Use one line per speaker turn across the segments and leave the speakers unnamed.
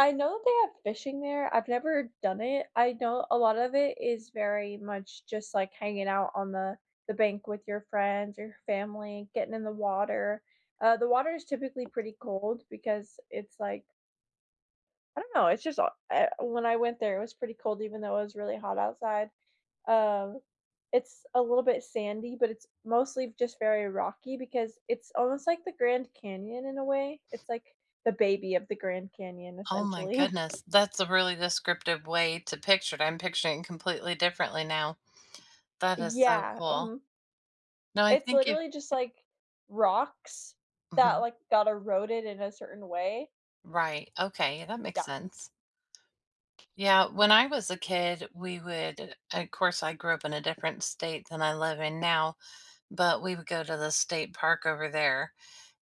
I know they have fishing there. I've never done it. I know a lot of it is very much just like hanging out on the the bank with your friends or family, getting in the water. Uh, the water is typically pretty cold because it's like I don't know. It's just hot er when I went there it was pretty cold even though it was really hot outside. Uh, it's a little bit sandy, but it's mostly just very rocky because it's almost like the Grand Canyon in a way. It's like the baby of the Grand Canyon,
Oh, my
essentially.
goodness. That's a really descriptive way to picture it. I'm picturing completely differently now. That is so
Yeah,
cool.
mhm.
No. I
It's
think if
literally just, like, rocks that,
Mhm.
like, got eroded in a certain way.
Right. Okay, that makes
Yeah.
sense. Yeah. When I was a kid, we would of course, I grew up in a different state than I live in now, but we would go to the state park over there,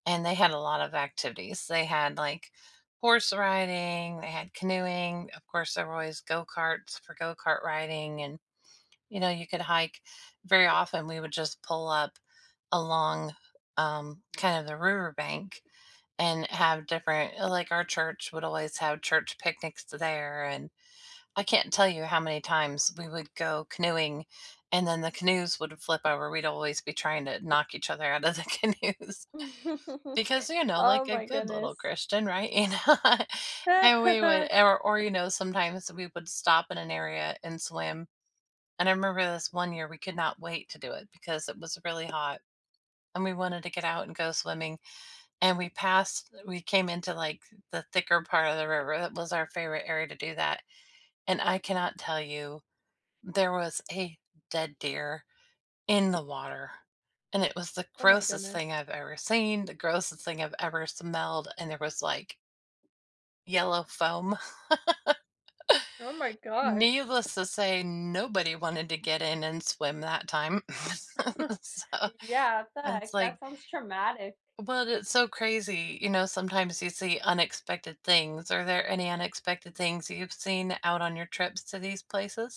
and they had a lot of activities. They had, like, horse riding, they had canoeing, of course, there were always go karts for go kart riding and, you know, you could hike. Very often, we would just pull up along, um, kind of the riverbank and have different like, our church would always have church picnics t there. And I can't tell you how many times we would go canoeing and then the canoes would flip over. We'd always be trying to knock each other out of the canoes because, you know,
Oh
like a
my
good little
goodness.
Christian, right? You know? And we would or or, you know, sometimes we would stop in an area and swim. And I remember this one year, we could not wait to do it because it was really hot, and we wanted to get out and go swimming, and we passed we came into, like, the thicker part of the river- that was our favorite area to do that- and I cannot tell you there was a dead deer in the water, and it was the
Oh, my
grossest thing
goodness.
I've ever seen, the grossest thing I've ever smelled, and there was, like yellow foam.
Oh my gosh.
Needless to say, nobody wanted to get in and swim that time. So
Yeah,
and it's
fact.
like
That sounds traumatic.
well, that's so crazy, you know, sometimes you see unexpected things. Are there any unexpected things you've seen out on your trips to these places?